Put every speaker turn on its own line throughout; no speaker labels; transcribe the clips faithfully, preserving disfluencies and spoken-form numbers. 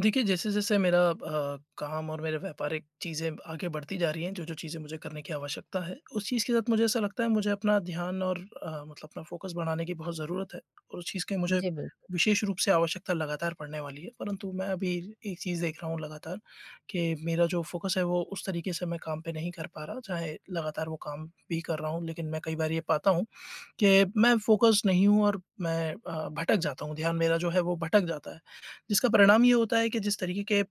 देखिए जैसे-जैसे मेरा अ, काम और मेरे व्यापारिक चीज़ें ब आगे बढ़ती जा रही हैं, जो-जो चीज़ें मुझे करने की आवश्यकता है उस चीज़ के साथ मुझे ऐसा लगता है मुझे अपना ध्यान और मतलब अपना फ़ोकस बढ़ाने की बहुत ज़रूरत है और उस चीज़ की मुझे
जी, बिल्कुल।
विशेष रूप से आवश्यकता लगातार पढ़ने वाली है। परंतु मैं अभी एक चीज़ देख रहा हूँ लगातार कि मेरा जो फ़ोकस है वो उस तरीक़े से मैं काम पर नहीं कर पा रहा चाहे लगातार वो काम भी कर रहा हूँ लेक़िन मैं कई बार ये पाता हूँ कि मैं फ़ोकसड नहीं हूँ और मैं अ, भटक जाता हूँ। ध्यान मेरा जो है वो भटक जाता है। जिसका परिणाम ये होता है कि जिस तरीक़े के अ,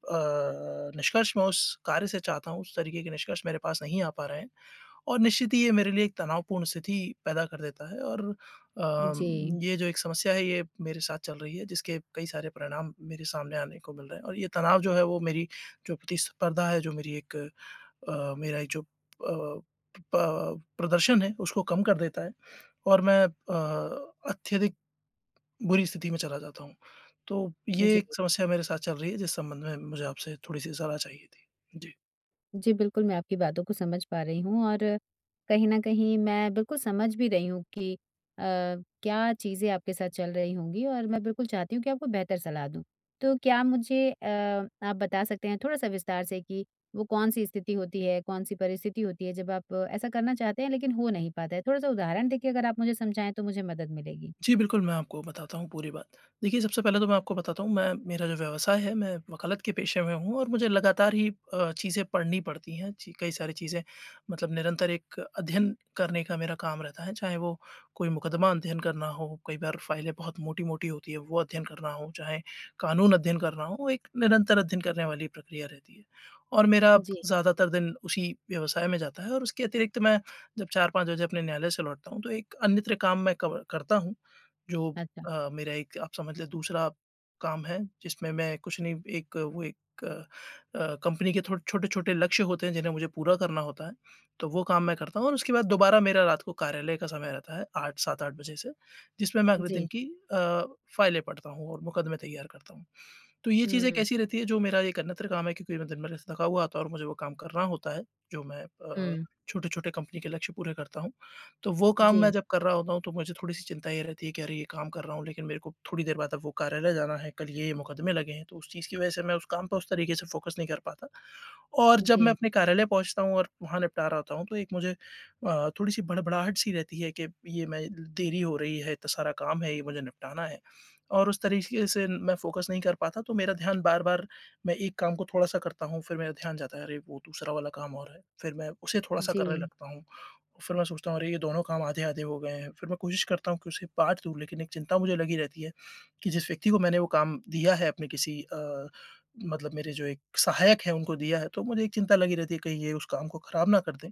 निष्कर्ष मैं उस कार्य से चाहता हूँ, उस तरीक़े के निष्कर्ष मेरे पास नहीं आ पा रहे हैं और निश्चित ही ये मेरे लिए एक तनावपूर्ण स्थिति पैदा कर देता है और अ,
जी।
ये जो एक समस्या है ये मेरे साथ चल रही है जिसके कई सारे परिणाम मेरे सामने आने को मिल रहे हैं और ये तनाव जो है वो मेरी जो प्रतिस्पर्धा है, जो मेरी एक अ, मेरा जो अ, प प्रदर्शन है उसको कम कर देता है और मैं अ, अत्यधिक बुरी स्थिति में चला जाता हूँ। तो ये
जी।
एक समस्या मेरे साथ चल रही है जिस संबंध में मुझे आपसे थोड़ी-सी सलाह चाहिए थी। जी।
जी, बिल्कुल मैं आपकी बातों को समझ पा रही हूँ और कहीं न कहीं मैं बिल्कुल समझ भी रही हूँ कि अ, क्या चीज़ें आपके साथ चल रही होंगी और मैं बिल्कुल चाहती हूँ कि आपको बेहतर सलाह दूँ। तो क्या मुझे अ, आप बता सकते हैं थोड़ा-सा विस्तार से कि वो कौन-सी स्थिति होती है, कौन-सी परिस्थिति होती है जब आप ऐसा करना चाहते हैं लेक़िन हो नहीं पाता है? थोड़ा-सा उदाहरण देके अगर आप मुझे समझाएँ तो मुझे मदद मिलेगी।
जी, बिल्कुल मैं आपको बताता हूँ पूरी बात। देखिए सबसे पहले तो मैं आपको बताता हूँ मैं मेरा जो व्यवसाय है, मैं वकालत के पेशे में हूँ और मुझे लगातार ही अ, चीज़ें पढ़नी पड़ती हैं चि कई सारी चीज़ें मतलब निरंतर एक अध्ययन करने का मेरा काम रहता है चाहे वो कोई मुकदमा अध्ययन करना हो, कई बार फाइलें बहुत मोटी-मोटी होती है, वो अध्ययन करना हो चाहे कानून अध्ययन करना हो, एक निरंतर अध्ययन करने वाली प्रक्रिया रहती है। और मेरा
जी।
ज़्यादातर दिन उसी व्यवसाय में जाता है और उसके अतिरिक्त मैं जब चार पाँच बजे अपने न्यायालय से लौटता हूँ तो एक अन्यत्र काम मैं कब करता हूँ जो
अच्छा।
अ, मेरा एक आप समझ लें दूसरा काम है जिसमें मैं कुछ नहीं एक वो एक अ, कंपनी के थोड़ छोटे-छोटे लक्ष्य होते हैं जिन्हें मुझे पूरा करना होता है तो वो काम मैं करता हूँ और उसके बाद दोबारा मेरा रात को कार्यालय का समय रहता है आठ, सात आठ बजे से जिसमें मैं अगले दिन
जी।
की अ, फाइलें पढ़ता हूँ और मुकदमे तैयार करता हूँ। तो ये चीज़ें
हुँ।
कैसी रहती है जो मेरा एक अन्यत्र काम है क्योंकि मैं दिन-भर से थका हुआ आता हूँ और मुझे वो काम करना होता है जो मैं अ,
हुँ।
छोटे-छोटे कंपनी के लक्ष्य पूरे करता हूँ, तो वो काम मैं
जी।
जब कर रहा होता हूँ तो मुझे थोड़ी-सी चिंता ये रहती है कि अरे ये काम कर रहा हूँ लेक़िन मेरे को थोड़ी देर बाद अब वो कार्यालय जाना है, कल ये मुकदमे लगे हैं तो उस चीज़ की वजह से मैं उस काम पे उस तरीक़े से फोकस नहीं कर पाता। और जब मैं
जी।
अपने कार्यालय पहुँचता हूँ और वहाँ निपटा रहा होता हूँ तो एक मुझे अ, थोड़ी-सी भड़बड़ाहट सी रहती है कि ये मैं देरी हो रही है, इतना सारा काम है, ये मुझे निपटाना है और उस तरीक़े से मैं फ़ोकस नहीं कर पाता तो मेरा ध्यान बार-बार मैं एक काम को थोड़ा-सा करता हूँ फ़िर मेरा ध्यान जाता है अरे वो दूसरा वाला काम और है फ़िर मैं उसे थोड़ा-सा करने
जी।
लगता हूँ, फ़िर मैं सोचता हूँ अरे ये दोनों काम आधे-आधे हो गए हैं फ़िर मैं कोशिश करता हूँ कि उसे बाँट दूँ लेक़िन एक चिंता मुझे लगी रहती है कि जिस व्यक्ति को मैंने वो काम दिया है अपने किसी अ, मतलब मेरे जो एक सहायक है उनको दिया है तो मुझे एक चिंता लगी रहती है कहीं ये उस काम को ख़राब ना कर दें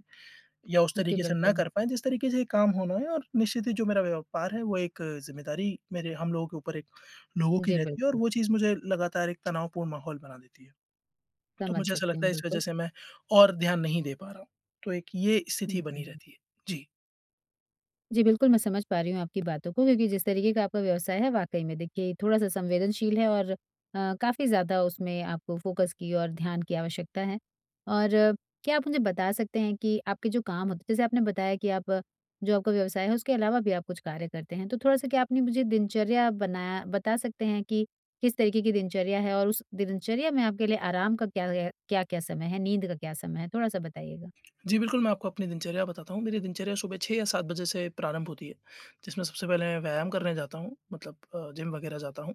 या उस
जी,
तरीक़े से ना
बिल्कुल।
कर पाएँ जिस तरीक़े से ये काम होना है और निश्चित ही जो मेरा व्यापार है वो एक ज़िम्मेदारी मेरे हम लोगों के ऊपर एक लोगों की
जी,
रहती है और
बिल्कुल।
वो चीज़ मुझे लगातार एक तनावपूर्ण माहौल बना देती है। तो
समझ
मुझे ऐसा
सकती
लगता
हूँ,
है इस वजह
बिल्कुल।
से मैं और ध्यान नहीं दे पा रहा हूँ तो एक ये
हुँ,
स्थिति बनी
हुँ।
रहती है, जी।
जी, बिल्कुल मैं समझ पा रही हूँ आपकी बातों को क्योंकि जिस तरीके का आपका व्यवसाय है, वाक़ई में देखिए थोड़ा-सा संवेदनशील है और अ, काफ़ी ज़्यादा उसमें आपको फोकस की और ध्यान की आवश्यकता है और क्या आप मुझे बता सकते हैं कि आपके जो काम होते हैं, जैसे आपने बताया कि आप जो आपका व्यवसाय है उसके अलावा भी आप कुछ कार्य करते हैं तो थोड़ा-सा क्या अपनी मुझे दिनचर्या बना बता सकते हैं कि किस तरीके की दिनचर्या है और उस दिनचर्या में आपके लिए आराम का क्या क्या-क्या समय है, नींद का क्या समय है थोड़ा-सा बताइएगा।
जी बिल्कुल, मैं आपको अपनी दिनचर्या बताता हूँ। मेरी दिनचर्या सुबह छह या सात बजे से प्रारंभ होती है जिसमें सबसे पहले मैं व्यायाम करने जाता हूँ अ, मतलब जिम वगैरह जाता हूँ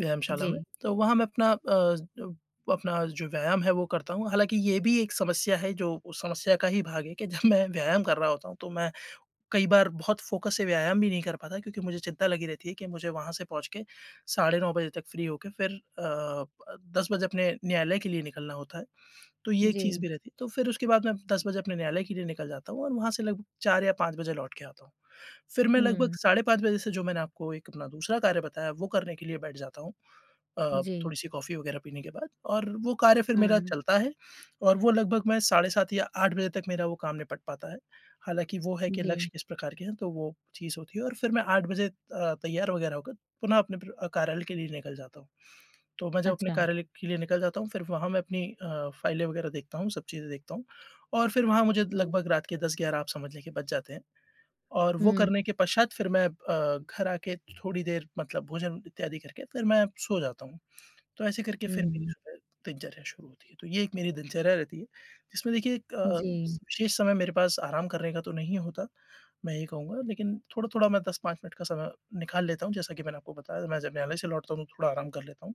व्यायामशाला में।
जी।
तो वहाँ मैं अपना अ, अपना जो व्यायाम है वो करता हूँ। हालाँकि ये भी एक समस्या है जो उस समस्या का ही भाग है कि जब मैं व्यायाम कर रहा होता हूँ तो मैं कई बार बहुत फोकस से व्यायाम भी नहीं कर पाता क्योंकि मुझे चिंता लगी रहती है कि मुझे वहाँ से पहुँच के साढ़े नौ बजे तक फ्री होके फिर अ, दस बजे अपने न्यायालय के लिए निकलना होता है तो ये एक चीज़
जी।
भी रहती है। तो फिर उसके बाद मैं दस बजे अपने न्यायालय के लिए निकल जाता हूँ और वहाँ से लगभग चार या पाँच बजे लौटकर आता हूँ। फिर मैं लगभग
हुँ।
साढ़े पाँच बजे से जो मैंने आपको एक अपना दूसरा कार्य बताया वो करने के लिए बैठ जाता हूँ अ,
जी।
थोड़ी-सी कॉफी वगैरह पीने के बाद और वो कार्य फिर मेरा
हुँ।
चलता है और वो लगभग मैं साढ़े सात या आठ बजे तक मेरा वो काम निपट पाता है। हालाँकि वो है कि लक्ष्य
जी।
किस प्रकार के हैं तो वो चीज़ होती है और फिर मैं आठ बजे अ, तैयार वगैरह होकर पुनः अपने कार्यालय के लिए निकल जाता हूँ। तो मैं जब अपने
अच्छा।
कार्यालय के लिए निकल जाता हूँ फिर वहाँ मैं अपनी अ, फाइलें वगैरह देखता हूँ, सब चीज़ें देखता हूँ और फिर वहाँ मुझे
जी।
लगभग रात के दस ग्यारह आप समझ लीजिए बज जाते हैं और वो
हुँ।
करने के पश्चात फिर मैं अ, घर आकर थोड़ी देर मतलब भोजन इत्यादि करके फिर मैं सो जाता हूँ। तो ऐसे करके
हुँ,
फिर मेरी
हुँ।
सुबह दिनचर्या शुरू होती है। तो ये एक मेरी दिनचर्या रहती है जिसमें देखिए एक अ,
जी।
विशेष समय मेरे पास आराम करने का तो नहीं होता मैं ये कहूँगा लेकिन थोड़ा-थोड़ा मैं दस पाँच मिनट का समय निकाल लेता हूँ। जैसा कि मैंने आपको बताया मैं जब न्यायालय से लौटता हूँ तो थोड़ा आराम कर लेता हूँ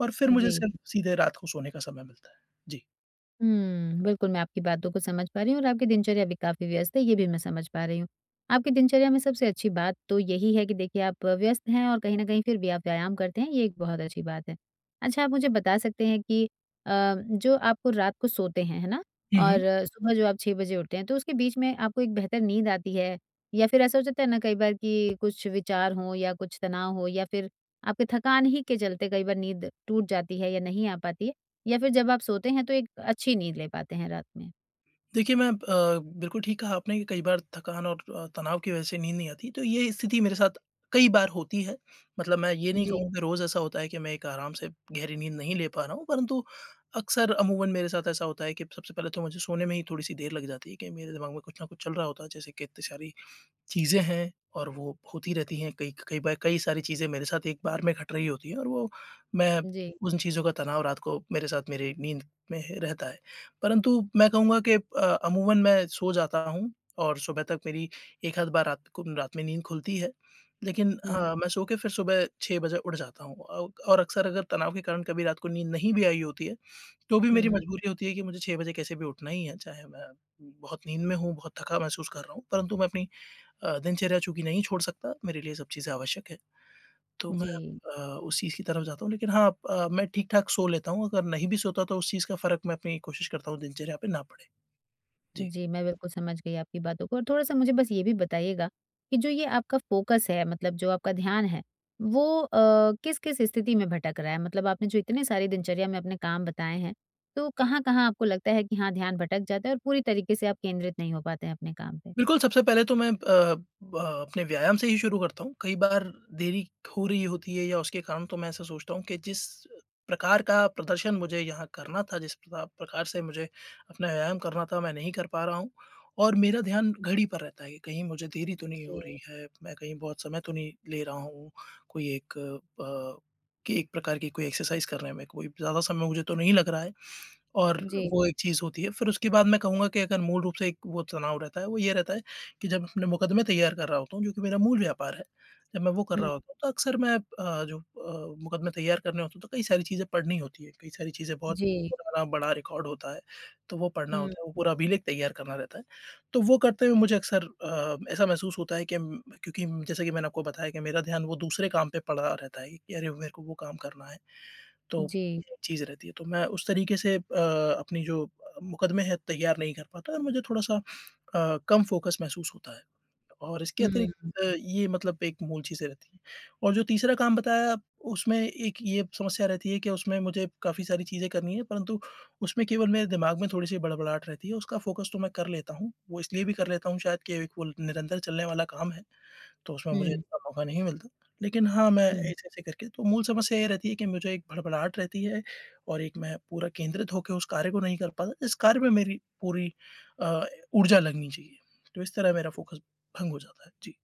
और फिर मुझे
जी।
सिर्फ़ सिम सीधे रात को सोने का समय मिलता है। जी।
हुँ, बिल्कुल मैं आपकी बातों को समझ पा रही हूँ और आपकी दिनचर्या भी काफ़ी व्यस्त है, ये भी मैं समझ पा रही हूँ। आपकी दिनचर्या में सबसे अच्छी बात तो यही है कि देखिए आप व्यस्त हैं और कहीं न कहीं फिर भी आप व्यायाम करते हैं ये एक बहुत अच्छी बात है। अच्छा, आप मुझे बता सकते हैं कि, अ, जो आप रात को सोते हैं, है ना?
हुँ,
और
हुँ।
सुबह जो आप छह बजे उठते हैं तो उसके बीच में आपको एक बेहतर नींद आती है, या फिर ऐसा हो जाता है ना कई बार कि कुछ विचार हो या कुछ तनाव हो या फिर आपके थकान ही के चलते कई बार नींद टूट जाती है या नहीं आ पाती है या फिर जब आप सोते हैं तो एक अच्छी नींद ले पाते हैं रात में?
देखिए मैं अब अ, बिल्कुल ठीक कहा आपने कि कई बार थकान और अ, तनाव की वजह से नींद नहीं आती। तो ये स्थिति मेरे साथ कई बार होती है, मतलब मैं ये नहीं
जी।
कहूँगा कि रोज़ ऐसा होता है कि मैं एक आराम से गहरी नींद नहीं ले पा रहा हूँ। परंतु अक्सर अमूमन मेरे साथ ऐसा होता है कि सबसे पहले तो मुझे सोने में ही थोड़ी-सी देर लग जाती है, कहीं मेरे दिमाग में कुछ ना कुछ चल रहा होता है। जैसे कि इत्ते सारी, चीज़ें हैं और वो होती रहती हैं, कई क कई बा कई सारी चीज़ें मेरे साथ एक बार में घट रही होती हैं और वो मैं
जी।
उन चीज़ों का तनाव रात को मेरे साथ मेरे नींद में ह रहता है। परंतु मैं कहूँगा कि अ, अमूमन मैं सो जाता हूँ और सुबह तक मेरी एक-आध बार रात को रात में नींद खुलती है। लेकिन अ,
हुँ।
मैं सो के फिर सुबह छह बजे उठ जाता हूँ अ, और अक्सर अगर तनाव के कारण कभी रात को नींद नहीं भी आई होती है, तो भी मेरी
हुँ।
मजबूरी होती है कि मुझे छह बजे कैसे भी उठना ही है। चाहे मैं, बहुत नींद में हूँ, बहुत थका महसूस कर रहा हूँ, परंतु मैं अपनी अ, दिनचर्या चूँकि नहीं छोड़ सकता, मेरे लिए सब चीज़ें आवश्यक है, तो मैं
जी।
अ, उस चीज़ की तरफ जाता हूँ। लेकिन हाँ, अ, मैं ठीक-ठाक सो लेता हूँ, अगर नहीं भी सोता तो उस चीज़ का फ़र्क मैं अपनी कोशिश करता हूँ दिनचर्या पे ना पड़े। जी।
जी, मैं बिल्कुल समझ गई आपकी बातों को और थोड़ा-सा मुझे बस ये भी बताइएगा, कि जो ये आपका फोकस है, मतलब जो आपका ध्यान है, वो अ, किस-किस स्थिति में भटक रहा है मतलब आपने जो इतने सारे दिनचर्या में अपने काम बताए हैं, तो कहाँ-कहाँ आपको लगता है कि हाँ ध्यान भटक जाता है और पूरी तरीके से आप केंद्रित नहीं हो पाते हैं अपने काम पे?
बिल्कुल, सबसे पहले तो मैं अ, ब अपने व्यायाम से ही शुरू करता हूँ। कई बार देरी हो रही होती है या उसके कारण तो मैं ऐसा सोचता हूँ कि जिस अ, प्रकार का प्रदर्शन मुझे यहाँ करना था, जिस पता प्रकार से मुझे अपना व्यायाम करना था, मैं नहीं कर पा रहा हूँ, और मेरा ध्यान घड़ी पर रहता है कि कहीं मुझे देरी तो नहीं हो
जी।
रही है। मैं कहीं बहुत समय तो नहीं ले रहा हूँ, कोई एक प कि एक प्रकार की कोई एक्सरसाइज़ करने में, कोई ज़्यादा समय मुझे तो नहीं लग रहा है और
जी।
वो एक चीज़ होती है। फिर उसके बाद मैं कहूँगा कि अगर मूल रूप से एक वो तनाव रहता है, वो ये रहता है, कि जब अपने मुकदमे तैयार कर रहा होता हूँ जो कि मेरा मूल व्यापार है, जब मैं वो कर
हुँ।
रहा होता हूँ तो अक्सर मैं अ, जो अ, मुकदमे तैयार करने होते हैं तो कई सारी चीज़ें पढ़नी होती है। कई सारी चीज़ें बहुत
जी।
पुराना बड़ा रिकॉर्ड होता है, तो वो पढ़ना
हुँ।
होता है, वो पूरा अभिलेख तैयार करना रहता है। तो वो करते हुए मुझे अक्सर अ, ऐसा महसूस होता है कि उम, मैं क्योंकि उम, जैसे कि मैंने आपको बताया कि मेरा ध्यान वो दूसरे काम पे पड़ा रहता है कि अरे मेरे को वो काम करना है, तो
जी।
ये चीज़ रहती है। तो मैं उस तरीके से अ, अपनी जो अ अ, मुकदमे हैं तैयार नहीं कर पाता और मुझे थोड़ा-सा अ, कम फोकस महसूस होता है। और इसके
हुँ,
अतिरिक्त
हुँ।
अ, ये मतलब एक मूल चीज़ें रहती हैं। और जो तीसरा काम बताया उसमें एक ये समस्या रहती है कि उसमें मुझे काफ़ी सारी चीज़ें करनी है परंतु, उसमें केवल मेरे दिमाग में थोड़ी-सी बड़बड़ाहट रहती है, उसका फोकस तो मैं कर लेता हूँ। वो इसलिए भी कर लेता हूँ शायद कि एक वो ल निरंतर चलने वाला काम है, तो उसमें मुझे
हुँ।
इतना मौका नहीं मिलता। लेकिन हाँ, मैं
हुँ।
ऐसे-ऐसे करके तो मूल समस्या ये रहती है कि मुझे एक भड़भड़ाहट रहती है, और एक मैं पूरा केंद्रित होके उस कार्य को नहीं कर पाता जिस कार्य में मेरी पूरी अ, ऊर्जा लगनी चाहिए। तो इस तरह मेरा फोकस भंग हो जाता है। जी।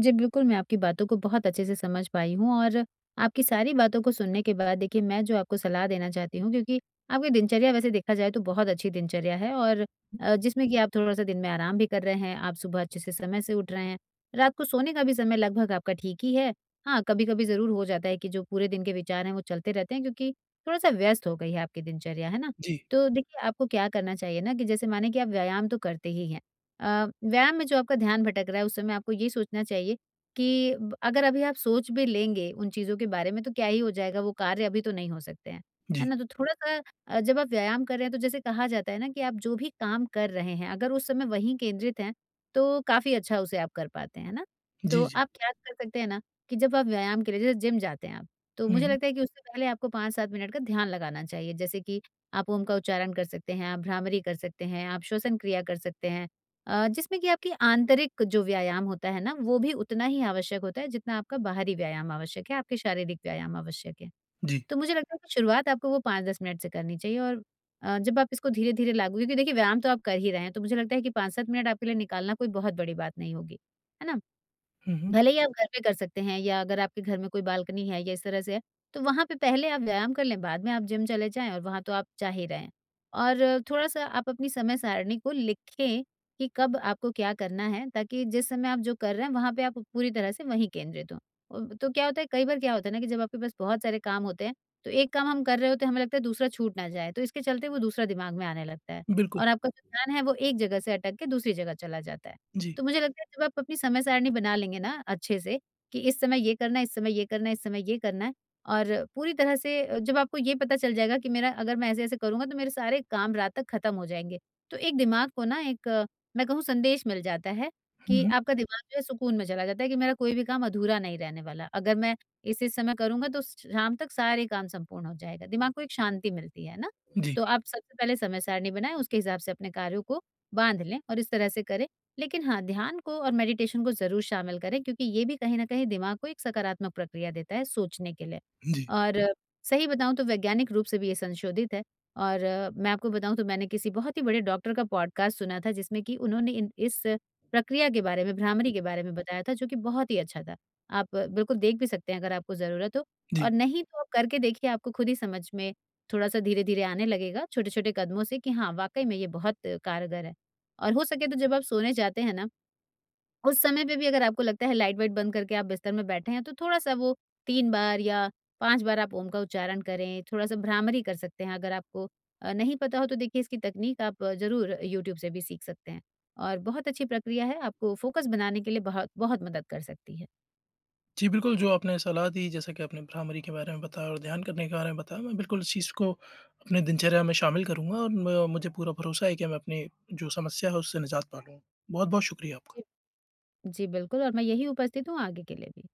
जी बिल्कुल, मैं आपकी बातों को बहुत अच्छे से समझ पाई हूँ। और आपकी सारी बातों को सुनने के बाद देखिए मैं जो आपको सलाह देना चाहती हूँ क्योंकि आपकी दिनचर्या वैसे देखा जाए तो बहुत अच्छी दिनचर्या है और
हुँ।
अ, जिसमें कि आप थोड़ा-सा दिन में आराम भी कर रहे हैं। आप सुबह अच्छे से समय से उठ रहे हैं, रात को सोने का भी समय लगभग आपका ठीक ही है। हाँ, कभी-कभी ज़रूर हो जाता है कि जो पूरे दिन के विचार हैं वो चलते रहते हैं क्योंकि थोड़ा-सा व्यस्त हो गई है आपकी दिनचर्या। है ना?
जी।
तो देखिए आपको क्या करना चाहिए ना कि जैसे मानिए कि आप व्यायाम तो करते ही हैं। अ, व्यायाम में जो आपका ध्यान भटक रहा है, उस समय आपको ये सोचना चाहिए कि ब अगर अभी आप सोच भी लेंगे उन चीज़ों के बारे में। तो क्या ही हो जाएगा, वो कार्य अभी तो नहीं हो सकते हैं। है
जी।
ना? तो थोड़ा-सा अ, जब आप व्यायाम कर रहे हैं तो जैसे कहा जाता है ना कि आप जो भी काम कर रहे हैं अगर उस समय वहीं केंद्रित हैं तो काफ़ी अच्छा उसे आप कर पाते हैं। है ना? तो
जी, जी।
आप क्या कर सकते हैं ना कि जब आप व्यायाम के लिए जैसे जिम जाते हैं आप, तो मुझे
हुँ।
लगता है कि उससे पहले आपको पाँच सात मिनट का ध्यान लगाना चाहिए। जैसे कि आप ओम का उच्चारण कर सकते हैं, आप भ्रामरी कर सकते हैं, आप श्वसन क्रिया कर सकते हैं अ, जिसमें कि आपकी आंतरिक जो व्यायाम होता है ना। वो भी उतना ही आवश्यक होता है जितना आपका बाहरी व्यायाम आवश्यक है, आपके शारीरिक व्यायाम आवश्यक है।
जी।
तो मुझे लगता है कि शुरुआत आपको वो पाँच दस मिनट से करनी चाहिए और अ, जब आप इसको धीरे-धीरे लागू क्योंकि देखिए व्यायाम तो आप कर ही रहे हैं तो मुझे लगता है कि पाँच सात मिनट आपके लिए निकालना कोई बहुत बड़ी बात नहीं होगी। है ना?
हुँ, हुँ।
भले ही आप घर पे कर सकते हैं या अगर आपके घर में कोई बालकनी है या इस तरह से है। तो वहाँ पे पहले आप व्यायाम कर लें, बाद में आप जिम चले जाएँ और वहाँ तो आप जा ही रहे हैं। और थोड़ा-सा आप अपनी समय-सारिणी को लिखें कि कब आपको क्या करना है ताकि जिस समय आप जो कर रहे हैं वहाँ पे आप पूरी तरह से वहीं केंद्रित हों। तो क्या होता है कई बार क्या होता है ना कि जब आपके पास बहुत सारे काम होते हैं तो एक काम हम कर रहे होते हैं हमें लगता है दूसरा छूट ना जाए, तो इसके चलते वो दूसरा दिमाग में आने लगता है।
बिल्कुल।
और आपका कोई प्लान है वो एक जगह से अटक के दूसरी जगह चला जाता है।
जी।
तो मुझे लगता है जब आप अपनी समय-सारिणी बना लेंगे ना अच्छे से कि इस समय ये करना है, इस समय ये करना है, इस समय ये करना है। और पूरी तरह से जब आपको ये पता चल जाएगा कि मेरा अगर मैं ऐसे-ऐसे करूँगा तो मेरे सारे काम रात तक खत्म हो जाएँगे। तो एक दिमाग को ना एक मैं कहूँ संदेश मिल जाता है
हुँ,
कि
हुँ।
आपका दिमाग जो हैं सुकून में चला जाता है कि मेरा कोई भी काम अधूरा नहीं रहने वाला। अगर मैं इस-इस समय करूँगा तो स शाम तक सारे काम संपूर्ण हो जाएगा, दिमाग को एक शांति मिलती है ना।
जी।
तो आप सबसे पहले समय-सारिणी बनाएँ, उसके हिसाब से अपने कार्यों को बाँध लें और इस तरह से करें। लेकिन हाँ, ध्यान को और मेडिटेशन को ज़रूर शामिल करें क्योंकि ये भी कहीं न कहीं दिमाग को एक सकारात्मक प्रक्रिया देता है सोचने के लिए।
जी।
और सही बताऊँ तो वैज्ञानिक रूप से भी ये संशोधित है और मैं आपको बताऊँ तो मैंने किसी बहुत ही बड़े डॉक्टर का पॉडकास्ट सुना था जिसमें कि उन्होंने इन इस प्रक्रिया के बारे में, भ्रामरी के बारे में बताया था जो कि बहुत ही अच्छा था। आप बिल्कुल देख भी सकते हैं अगर आपको ज़रूरत हो और
जी।
नहीं तो आप करके देखिए आपको खुद ही समझ में थोड़ा-सा धीरे-धीरे आने लगेगा, छोटे-छोटे कदमों से कि हाँ वाक़ई में ये बहुत कारगर है। और हो सके तो जब आप सोने जाते हैं ना, उस समय पे भी अगर आपको लगता है लाइट-वाइट बंद करके आप बिस्तर में बैठे हैं तो थोड़ा-सा वो तीन बार या पाँच बार आप ओम का उच्चारण करें, थोड़ा-सा भ्रामरी कर सकते हैं। अगर आपको अ, नहीं पता हो तो देखिए इसकी तकनीक आप ज़रूर अ, यूट्यूब से भी सीख सकते हैं। और बहुत अच्छी प्रक्रिया है आपको फोकस बनाने के लिए बहुत बहुत मदद कर सकती है।
जी, बिल्कुल जो आपने सलाह दी जैसे कि आपने भ्रामरी के बारे में बताया और ध्यान करने के बारे में बताया। मैं बिल्कुल इस चीज़ को अपने दिनचर्या में शामिल करूँगा और म मुझे पूरा भरोसा है कि मैं अपनी जो समस्या है उससे निजात पा लूँगा। बहुत-बहुत शुक्रिया आपका।
जी। जी, बिल्कुल और मैं यहीं उपस्थित हूँ आगे के लिए भी।